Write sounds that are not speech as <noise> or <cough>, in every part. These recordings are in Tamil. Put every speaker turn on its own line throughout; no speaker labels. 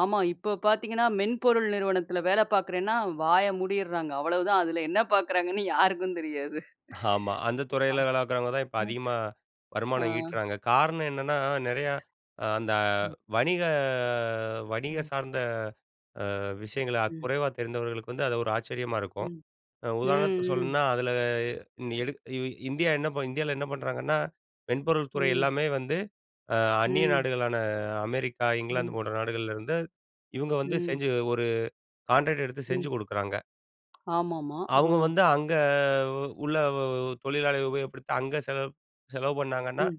ஆமா. இப்போ பார்த்தீங்கன்னா, மென்பொருள் நிறுவனத்தில வேல பார்க்கிறேன்னா வாய மூடிறாங்க. அவ்வளோதான் அதில என்ன பார்க்கிறாங்கன்னு யாருக்கும் தெரியாது.
<chuckles> ஆமா. அந்த துறையில வேலைக்கிறவங்க தான் இப்ப
<unintelligible>
அதிகமா
ஆ.
வருமானம் ஈட்டுறாங்க. காரணம் என்னன்னா, நெறையா அ அந்த
ம்.
வணிக வணிக
ம்.
சார்ந்த அ விஷயங்கள
ம்.
குறைவா தெரிந்தவர்களுக்கு வந்து அது ஒரு ஆச்சரியமா இருக்கும்.
ம்.
அ
ம்
உதாரணத்துக்கு
ம்.
சொல்லணும்னா அதில எடுக் இ இந்தியா என்ன இந்தியால என்ன பண்ணுறாங்கன்னா, மென்பொருள் துறை
ம்.
எல்லாமே வந்து அ அந்நிய
ம்.
நாடுகளான அமெரிக்கா, இங்கிலாந்து
ம்.
போன்ற நாடுகள்ல இருந்து, இவங்க வந்து
ம்.
செஞ்சு ஒரு கான்ட்ராக்ட் எடுத்து செஞ்சு
ம்.
குடுக்குறாங்க.
ஆமாமா, ஆ.
அவங்க வந்து அங்க உள்ள தொழிலாளிய உபயோகப்படுத்தி அங்க செலவு செலவு பண்ணாங்கன்னா,
ம்.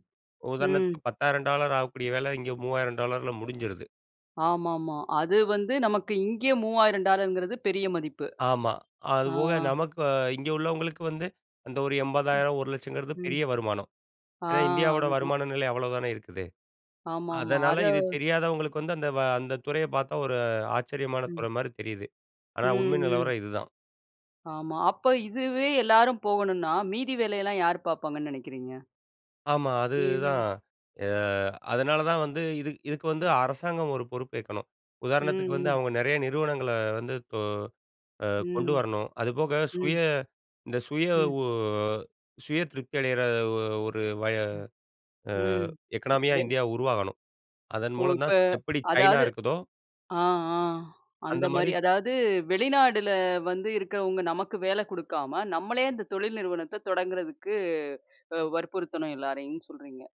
ம்.
உதாரணத்துக்கு $100,000 டாலர் ஆகக்கூடிய வேலை இங்கே $3,000 டாலர்ல முடிஞ்சுருது.
ஆமாமா. அது வந்து நமக்கு இங்கேயே $ 3000 டாலர்ங்குறது பெரிய மதிப்பு.
ஆமா,
ஆ.
அதுபோக நமக்கு இங்கே உள்ளவங்களுக்கு வந்து, அந்த ஒரு
ம்.
ரூ.80,000 ரூ.100000
ம்.
பெரிய வருமானம்.
ஆ,
ஏன்னா, இந்தியாவோட
அதுதான்.
வருமான நிலை அவ்வளோ தானே இருக்குது.
ஆமாமா, அத
அதனால இது தெரியாதவங்களுக்கு வந்து அந்த வ அந்த துறையை பார்த்தா ஒரு ஆச்சரியமான
ம்.
துறை மாரி தெரியுது. ஆனா,
ம்
உண்மை
ம்.
நிலவரம் இதுதான்.
ஆமா, அப்ப இதுவே எல்லாரும் போகணுன்னா மீதி வேலையெல்லாம் யாரு பார்ப்பாங்கன்னு நெனைக்கிறீங்க?
ஆமா,
ம்.
அதுதான். ஆ அதனால தான் வந்து இது இதுக்கு வந்து அரசாங்கம் ஒரு பொறுப்பேற்கணும்.
ம்
உதாரணத்துக்கு வந்து,
ம்.
அவங்க நெறைய நிறுவனங்கள வந்து கொ அ கொண்டு
ம்.
வரணும். அதுபோக சுய
ம்.
இந்த சுய
ம்.
உ சுய திருப்தி அடையிற ஒ ஒரு வய
ம்,
அ
ம்,
எக்கனாமியா
வெ
இந்தியா உருவாகணும். அதன்
ஒ!
மூலம்
இப்ப
தான் எப்டி சைனா
அதாவது
இருக்குதோ
ஆ ஆ
அந்த
அந்த மாரி
மாரி
அதாவது வெளிநாடுல வந்து இருக்கிறவங்க நமக்கு வேல குடுக்காம நம்மளே அந்த தொழில் நிறுவனத்த தொடங்கறதுக்கு அ வற்புறுத்தணும் எல்லாரையும் சொல்றீங்க?